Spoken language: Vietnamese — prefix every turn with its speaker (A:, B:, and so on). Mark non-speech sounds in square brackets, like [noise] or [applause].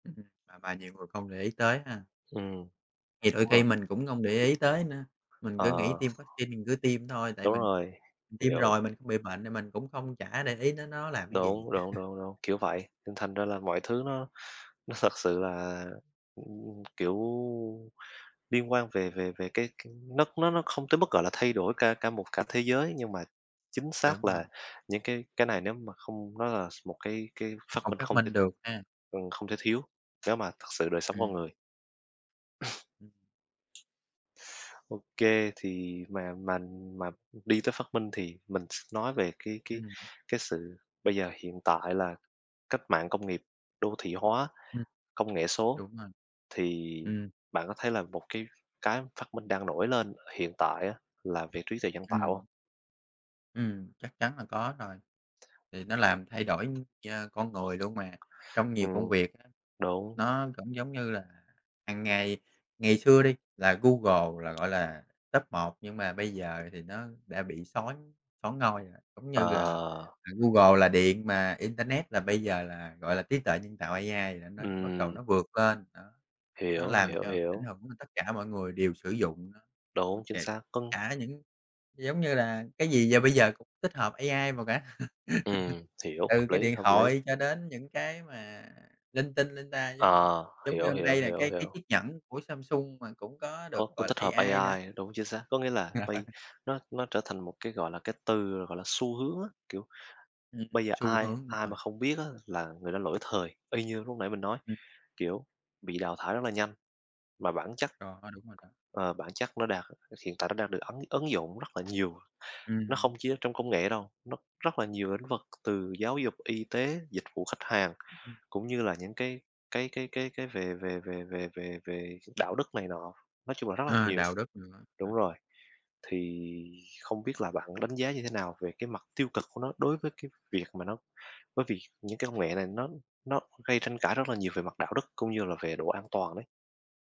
A: Ừm hưm, à, và nhiều người không để ý tới ha.
B: Ừm,
A: Thì đôi
B: đúng
A: khi
B: rồi.
A: mình cũng hông để ý tới nữa, mình
B: Ờ.
A: cứ nghĩ tiêm vác-xin mình cứ tiêm thôi, tại
B: Đúng
A: mình
B: rồi,
A: mình tiêm
B: hiểu.
A: rồi mình không bị bệnh thì mình cũng không chả để ý đến nó làm cái gì.
B: Đúng, đúng,
A: [chuckles]
B: đúng, đúng, kiểu vậy. Nên thành ra là mọi thứ nó nó thật sự là, ừm, kiểu, liên quan về
A: Ừm.
B: về về cái cái nó nó nó không tới mức, gọi là, thay đổi cả cả một cả thế giới nhưng mà chính
A: Đúng
B: xác là
A: rồi.
B: những cái cái này nếu mà không nói là s một cái cái phát
A: Không
B: minh
A: phát
B: không
A: minh
B: tin
A: được ha.
B: ừm, không thể thiếu nếu mà thật sự đời sống con người.
A: Ừm. Ừm.
B: [chuckles] OK, thì mà mành mà đi tới phát minh thì mình s nói về cái cái
A: Ừm.
B: cái sự bây giờ, hiện tại là cách mạng công nghiệp, đô thị hóa,
A: Ừm.
B: công nghệ số,
A: Đúng rồi.
B: thì
A: Ừm.
B: bạn có thấy là một cái cái phát minh đang nổi lên hiện tại á là về trí tuệ nhân tạo hông?
A: Ừm. Ừm, chắc chắn là có rồi, thì nó làm thay đổi nh con người luôn mà. Trong nhiều công
B: Ừm,
A: việc á,
B: đúng.
A: nó cũng giống như là hằng ngày ngày xưa đi, là Google là, gọi là, top 1 nhưng mà bây giờ thì nó đã bị són soán ngôi rồi. Giống như là
B: Ờ.
A: là Google là điện mà internet là bây giờ là, gọi là, trí tuệ nhân tạo AI là nó bắt
B: Ừm.
A: đầu nó vượt lên, đó. Nó
B: Hiểu,
A: làm
B: hiểu,
A: cho ảnh
B: hiểu.
A: hưởng nên tất cả mọi người đều sử dụng nó. Ưm,
B: Đúng, chính
A: kể
B: xác. Con
A: cả những giống như là, cái gì giờ bây giờ cũng tích hợp AI vào cả.
B: Ừm,
A: [chuckles]
B: hiểu.
A: Từ
B: Hợp
A: cái
B: lý,
A: điện
B: hợp lý.
A: thoại cho đến những cái mà linh tinh linh ta giống như
B: Ờ,
A: giống như
B: hiểu,
A: hôm
B: hiểu,
A: nay là
B: hiểu,
A: cái cái
B: hiểu.
A: chiếc nhẫn của Samsung mà cũng có được,
B: Có có
A: gọi là,
B: tích hợp
A: AI nữa.
B: AI, đúng, chính xác. Có nghĩa là bây
A: [chuckles]
B: nó nó trở thành một cái, gọi là, cái từ là, gọi là, xu hướng á. Kiểu,
A: Ừm,
B: bây giờ
A: xu
B: ai,
A: hướng, đúng
B: ai
A: rồi.
B: mà không biết á là người đó lỗi thời, y như lúc nãy mình nói,
A: Ừm.
B: kiểu, bị đào thải rất là nhanh. Và bản chất
A: Đó, đúng rồi đó.
B: ờ, bản chất nó đang h hiện tại nó đang được ấn ứng dụng rất là nhiều. Nó
A: Ừm.
B: không chỉ là trong công nghệ đâu, nó rất là nhiều lĩnh vực từ giáo dục, y tế, dịch vụ khách hàng,
A: Ừm hưm.
B: cũng như là những cái cái cái cái cái về về về về về về đạo đức này nọ, nói chung là rất là
A: À,
B: nhiều.
A: đạo đức nữa,
B: Đúng
A: à.
B: rồi, thì không biết là bạn đánh giá như thế nào về cái mặt tiêu cực của nó đối với cái việc mà nó bởi vì những cái công nghệ này nó nó gây tranh cãi rất là nhiều về mặt đạo đức, cũng như là về độ an toàn đấy?